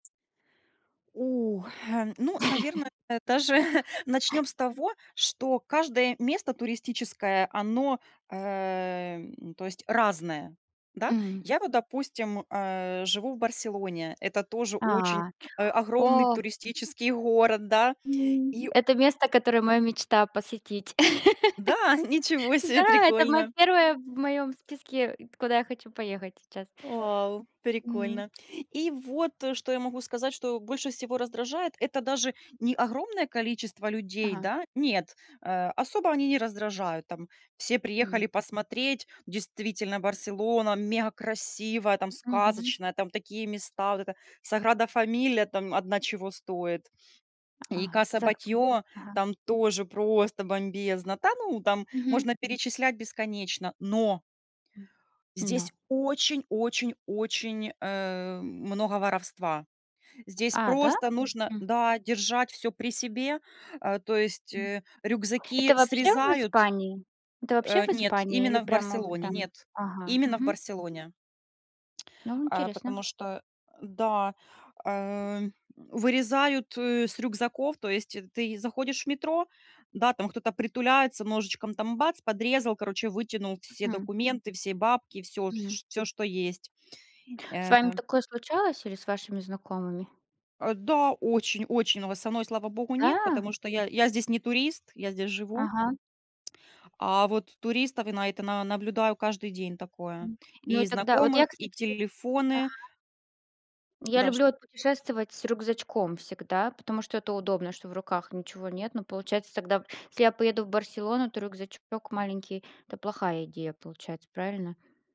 У, э, ну, наверное, даже начнём с того, что каждое место туристическое, оно, э, м, то есть, разное, да. М. Я вот, допустим, э, живу в Барселоне. Это тоже очень, А, а, огромный о. туристический город, да. М, И это место, которое моя мечта посетить. Да? Ничего себе, Да, это моё прикольно. 1 в моём списке, куда я хочу поехать сейчас. Вау, М. прикольно. И вот, э, что я могу сказать, что больше всего раздражает, это даже не огромное количество людей, Ага. да? Нет, э, особо они не раздражают. Там все М. приехали посмотреть, действительно Барселона мегакрасивая, там Мгм. сказочная, там такие места. Вот эта Саграда-Фамилия там одна чего стоит. И Ага. Каса Зак Батльо ага. там тоже просто бомбезно. Та ну, там Мгм. можно перечислять бесконечно, но М, здесь но очень-очень-очень, э, много воровства. Здесь А, да? просто нужно, Хм. да, держать всё при себе. Э, то есть, М. э, Это рюкзаки вообще в срезают Испании? Это вообще Э, в нет, Испании? Или именно в прямо вот Барселоне, там? нет, Ага. именно в Мгм. Барселоне. Ну, Э, интересно. потому что, э да, э, вырезают с рюкзаков. То есть, э, ты заходишь в метро, да, там кто-то притуляется, ножичком там бац, подрезал, короче, вытянул все Хм. документы, все бабки, всё, Мгм. ш всё, что есть, С э вами такое случалось или с вашими знакомыми? Э, да, очень-очень, но вот со мной, слава богу, нет, Да? потому что я я здесь не турист, я здесь живу. Ага. А вот туристов я на это на наблюдаю каждый день такое: М, ну и и тогда вот я, знакомых, и кстати, ага. телефоны. Я Да, ш люблю вот путешествовать с рюкзачком всегда, потому что это удобно, что в руках ничего нет. Но получается тогда, если я поеду в Барселону, то рюкзачок маленький- это плохая идея получается, правильно?